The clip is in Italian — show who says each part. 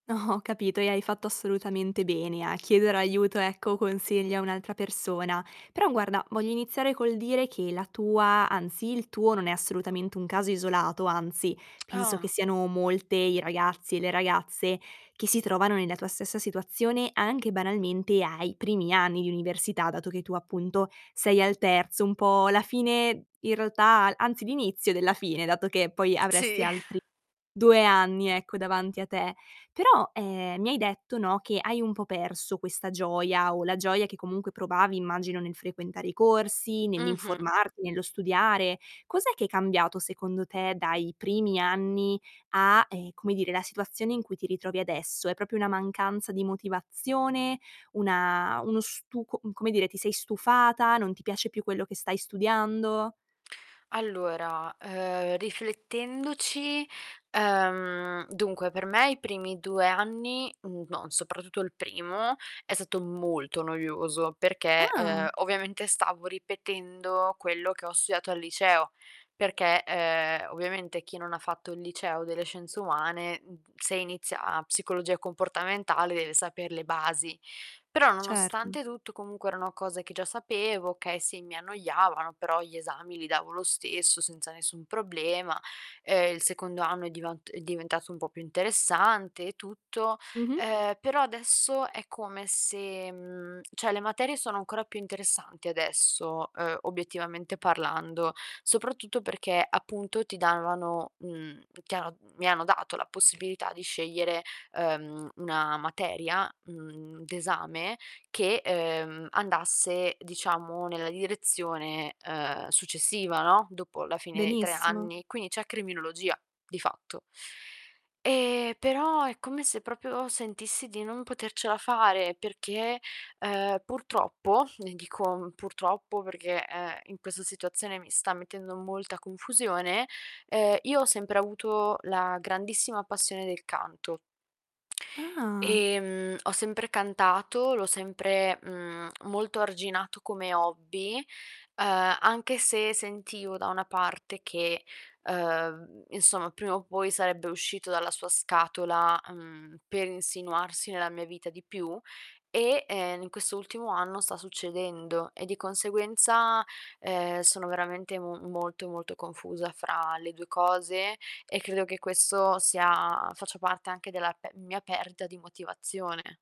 Speaker 1: Ho capito, e hai fatto assolutamente bene a chiedere aiuto, ecco, consigli a un'altra persona. Però guarda, voglio iniziare col dire che la tua anzi, il tuo non è assolutamente un caso isolato, anzi, penso che
Speaker 2: Ah.
Speaker 1: siano molte i ragazzi e le ragazze che si trovano nella tua stessa situazione, anche banalmente ai primi anni di università, dato che tu appunto sei al terzo, un po' la fine i realtà al anzi, l'inizio della fine, dato che poi avresti
Speaker 2: Sì.
Speaker 1: altri 2 anni, ecco, davanti a te. Però, ehm, mi hai detto, no, che hai un po' perso questa gioia o la gioia che comunque provavi, immagino, nel frequentare i corsi,
Speaker 2: Mh-mh.
Speaker 1: nell'informarti, nello studiare. Cos'è che è cambiato, secondo te, dai primi anni a, ehm, come dire, la situazione in cui ti ritrovi adesso? È proprio una mancanza di motivazione? Una uno stu com come dire, ti sei stufata? Non ti piace più quello che stai studiando?
Speaker 2: Allora, uhm, riflettendoci, ehm, dunque per me i primi 2 anni, mhmm, no, soprattutto il primo, è stato molto noioso perché, uhm,
Speaker 1: Ah!
Speaker 2: ovviamente stavo ripetendo quello che ho studiato al liceo, perché, ehm, ovviamente chi non ha fatto il Liceo delle Scienze Umane, mhmm, se inizia psicologia comportamentale deve saper le basi. Però,
Speaker 1: Certo.
Speaker 2: nonostante tutto comunque erano cose che già sapevo, okay sì, mi annoiavano, però gli esami li davo lo stesso senza nessun problema. Ehm, il secondo anno è divant è diventato un po' più interessante e tutto.
Speaker 1: Mh-mh.
Speaker 2: Ehm, però adesso è come se mhmm, cioè le materie sono ancora più interessanti adesso, uhm, obiettivamente parlando, soprattutto perché, appunto, ti davano, mhmm, chiaro mhmm, mi hanno dato la possibilità di scegliere, uhm, 1 materia, mhmm, d'esame che, uhm, andasse, diciamo, nella direzione, uhm, successiva, no, dopo la fine dei 3
Speaker 1: Benissimo.
Speaker 2: anni. Quindi c'è criminologia, di fatto. Ehm, però è come se proprio sentissi di non potercela fare perché, uhm, purtroppo, e dico, mhmm, purtroppo perché, ehm, in questa situazione mi sta mettendo molta confusione, ehm, io ho sempre avuto la grandissima passione del canto.
Speaker 1: Ah.
Speaker 2: Ehm, ho sempre cantato, l'ho sempre, mhmm, molto arginato come hobby, uhm, anche se sentivo da una parte che, uhm, insomma, prima o poi sarebbe uscito dalla sua scatola, mhmm, per insinuarsi nella mia vita di più e, en in questo ultimo anno sta succedendo e di conseguenza, ehm, sono veramente mu molto, molto confusa fra le 2 cose, e credo che questo sia faccia parte anche della pe mia perdita di motivazione.